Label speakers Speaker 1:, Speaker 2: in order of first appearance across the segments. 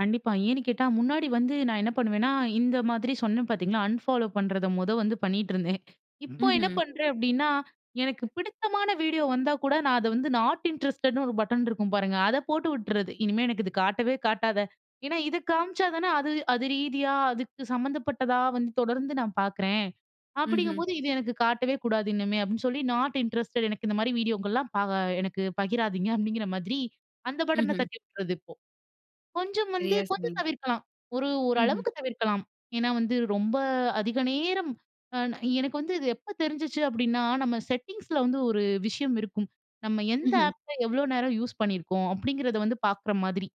Speaker 1: கண்டிப்பா. ஏன்னு கேட்டா, முன்னாடி வந்து நான் என்ன பண்ணுவேன்னா, இந்த மாதிரி சொன்னேன் பாத்தீங்களா, அன்ஃபாலோ பண்றத மொத வந்து பண்ணிட்டுருந்தேன். இப்போ என்ன
Speaker 2: ம்ஹம்.
Speaker 1: பண்றேன்? அப்டின்னா, எனக்கு பிடித்தமான வீடியோ வந்தா கூட, நான் அத வந்து நாட் இன்ட்ரஸ்டட்ன்னு ஒரு பட்டன் இருக்கும் பாருங்க அத போட்டு உட்டுறது. "இனிமே எனக்கு இது காட்டவே காட்டாத" ஏன்னா இது காமிச்சா தானே அது அது ரீதியா, அதுக்கு சம்மந்தப்பட்டதா வந்து தொடர்ந்து நான் பாக்குறேன்.
Speaker 2: ம்ஹம்.
Speaker 1: அப்டிங்கும்போது, "இது எனக்கு காட்டவே கூடாது இனிமே" அப்டின்னு சொல்லி "நாட் இன்ட்ரஸ்டட் எனக்கு இந்த மாரி வீடியோக்கலாம் பா எனக்கு பகிராதீங்க" அப்டிங்கிற மாதிரி அந்த பட்டன
Speaker 2: ம்ஹம்.
Speaker 1: தட்டி விடுறது இப்போ. கொஞ்சம் வந்து
Speaker 2: சரியா
Speaker 1: கொஞ்சம்
Speaker 2: சொன்னீங்க.
Speaker 1: தவிர்க்கலாம். ஒரு ஒரு
Speaker 2: ம்ஹம்.
Speaker 1: அளவுக்கு தவிர்க்கலாம். ஏன்னா வந்து ரொம்ப அதிக நேரம் அ நா எனக்கு வந்து இது எப்போ தெரிஞ்சுச்சு அப்டின்னா, நம்ம "EN" செட்டிங்ஸில வந்து ஒரு விஷயம் இருக்கும். நம்ம எந்த
Speaker 2: ம்ஹம்.
Speaker 1: ஆப்ப, எவ்வளோ நேரம் யூஸ் பண்ணியிருக்கோம். அப்டிங்கிறத வந்து பாக்கிற மாதிரி.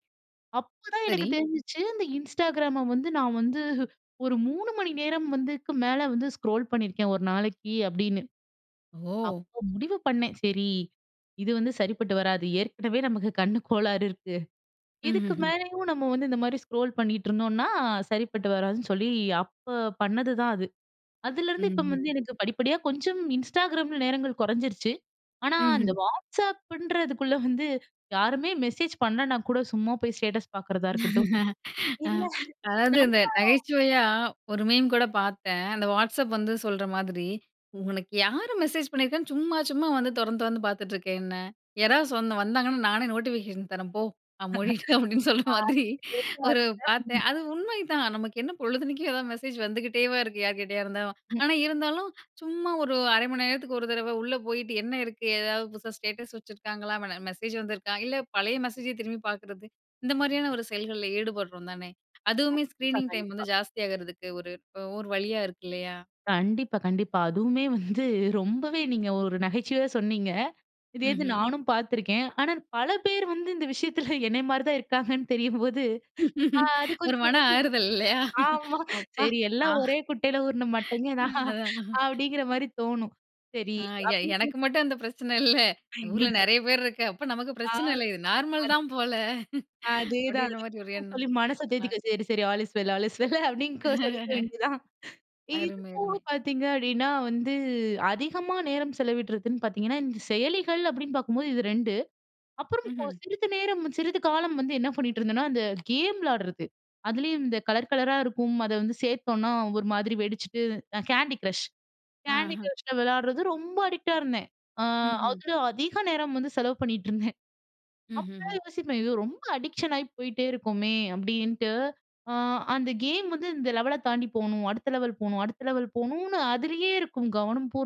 Speaker 1: அப்போதான் எனக்கு
Speaker 2: சரி.
Speaker 1: தெரிஞ்சுச்சு இந்த Instagramம வந்து, நான் வந்து ஒரு 3 மணி நேரம் வந்து, இதுக்கு மேலே வந்து ஸ்க்ரோல் பண்ணியிருக்கேன் 1 நாளைக்கு அப்டின்னு.
Speaker 2: ஓ!
Speaker 1: அப்போ முடிவு பண்ணேன் சரி இது வந்து சரிப்பட்டு வராது. ஏற்கனவே நமக்கு கண்ணு கோளாறு இருக்கு.
Speaker 2: ம்ஹ்
Speaker 1: இதுக்கு
Speaker 2: ஹ்ம்.
Speaker 1: மேலேயும் நம்ம வந்து இந்த மாரி ஸ்க்ரோல் பண்ணிகிட்டு இருந்தோம்னா, சரிப்பட்டு வராதுன்னு சொல்லி, அப்போ பண்ணதுதான் அது. அதுலேருந்து
Speaker 2: ம்ஹம்.
Speaker 1: இப்போ வந்து
Speaker 2: ம்,
Speaker 1: எனக்கு படிப்படியா, கொஞ்சம் Instagramல நேரங்கள் கொறஞ்சிருச்சு. ஆனா அந்த
Speaker 2: ம்ஹம்.
Speaker 1: WhatsAppன்றதுக்குள்ள வந்து, யாருமே மெசேஜ் பண்ணல நான் கூட சும்மா போய் ஸ்டேட்டஸ் பாக்குறதா இருக்கட்டும்.
Speaker 2: அ
Speaker 1: இல்ல
Speaker 2: அதாவது
Speaker 1: நம்ம,
Speaker 2: இந்த நகைச்சுவையா ஒரு மீம் கூட பாத்தேன். அந்த WhatsApp வந்து சொல்ற மாதிரி ''உனக்கு யாரு மெசேஜ் பண்ணிருக்கான்னு சும்மா சும்மா வந்து தொறந்து தொறந்து பார்த்துட்டு இருக்க என்னை? யாராவது சொன் வந்தாங்கன்னா நானே நோட்டிஃபிகேஷன் தரேன் போ! நான் மூடிட்டேன்'' அப்டின்னு சொல்ற
Speaker 1: அ
Speaker 2: மாதிரி ஒரு பாத்தேன்.
Speaker 1: [unintelligible]
Speaker 2: அது உண்மைதான். நமக்கு என்ன பொழுதன்னைக்கும் எதாவது மெசேஜ் வந்துகிட்டேவா இருக்கு? யார் கிட்டயா இருந்தாலும்.
Speaker 1: ம்.
Speaker 2: ஆனா இருந்தாலும், சும்மா ஒரு 1/2 மணி நேரத்துக்கு 1 தரவ உள்ளே போயிட்டு, என்ன இருக்கு? ஏதாவது புதுசா ஸ்டேட்டஸ் வச்சுருக்காங்களா? மன மெசேஜ் வந்திருக்கா? இல்ல பழைய மெசேஜே திரும்பி பாக்குறது. இந்த மாரியான ஒரு செயல்கள்ல ஈடுபடுறோம் தானே! அதுவுமே
Speaker 1: கண்டிப்பா
Speaker 2: ஸ்க்ரீனிங் டைம் வந்து
Speaker 1: கண்டிப்பா.
Speaker 2: ஜாஸ்தி ஆகுறதுக்கு ஒரு ப்போ ஒரு வழியா இருக்கு இல்லயா?
Speaker 1: கண்டிப்பா கண்டிப்பா. அதுவுமே வந்து ரொம்பவே நீங்க ஒரு நகைச்சுவையா சொன்னீங்க. இதே இது
Speaker 2: ம்ஹம்.
Speaker 1: நானும் பாத்துருக்கேன். ஆனா பல பேர் வந்து இந்த விஷயத்தில என்னய மாரி தான் இருக்காங்கன்னு தெரியும்போது அ அது
Speaker 2: ஒரு மன
Speaker 1: கொஞ்சம்
Speaker 2: ஆறுதல்
Speaker 1: [unintelligible]
Speaker 2: இல்லயா,
Speaker 1: ஆமா.
Speaker 2: அப்பா
Speaker 1: சரி "எல்லாம்
Speaker 2: நான்
Speaker 1: ஒரே குட்டையில ஊருன மட்டைங்க தான்".
Speaker 2: ம் அதான்
Speaker 1: அப்டிங்கிற மாரி தோணும். சரி.
Speaker 2: அ எ
Speaker 1: [unintelligible]
Speaker 2: எனக்கு மட்டும் அந்த பிரச்சன இல்ல.
Speaker 1: ஐயய்யோ
Speaker 2: ஊருல நெறைய பேரு இருக்க அப்ப நமக்கு
Speaker 1: அ
Speaker 2: பிரச்சன இல்ல இது நார்மல்
Speaker 1: அது
Speaker 2: தான் போல,
Speaker 1: அதேதான்.
Speaker 2: அப்டின்ற மாதிரி ஒரு
Speaker 1: [unintelligible]
Speaker 2: எண்ணம்.
Speaker 1: சொல்லி மனச தேத்திக்க. "சரி சரி all is well, all is well" அப்டின்னு கொ சொல்லிக்க வேண்டியது தான். இது
Speaker 2: அருமை
Speaker 1: போக
Speaker 2: அருமை.
Speaker 1: பாத்தீங்க அப்டின்னா வந்து அதிகமா நேரம் செலவிடுறதுன்னு பாத்தீங்கன்னா, இந்த செயலிகள் அப்டின்னு பாக்கும்போது இது 2. அப்புறம்
Speaker 2: ம்ஹம்.
Speaker 1: சிறிது நேரம் சிறிது காலம் வந்து என்ன பண்ணிக்ட்டு இருந்தேன்னா, அந்த கேம் விளாடுறது. அதுலயும் இந்த கலர் கலரா இருக்கும். அத வந்து சேத்தோம்னா ஒரு மாதிரி வெடிச்சுட்டு அ Candy Crush. Candy
Speaker 2: ஆ.
Speaker 1: Crushல விளயாடுறது ரொம்ப அடிக்ட்டா இருந்தேன். அ
Speaker 2: ம்ஹம்.
Speaker 1: அதில அதிக நேரம் வந்து செலவு பண்ணிட்டுருந்தேன். அப்போயே
Speaker 2: ம்ஹஹ்ம்.
Speaker 1: யோசிப்பேன் "இது ரொம்ப அடிக்ஷன் ஆயி போயிட்டே இருக்கோமே!" அப்டின்ட்டு. அ அந்த கேம் வந்து இந்த லெவல தாண்டி போணும். அடுத்த லெவல் போகணும், அடுத்த லெவல் போகணும்ன்னு அதிலேயே இருக்கும் கவனம் பூரான்.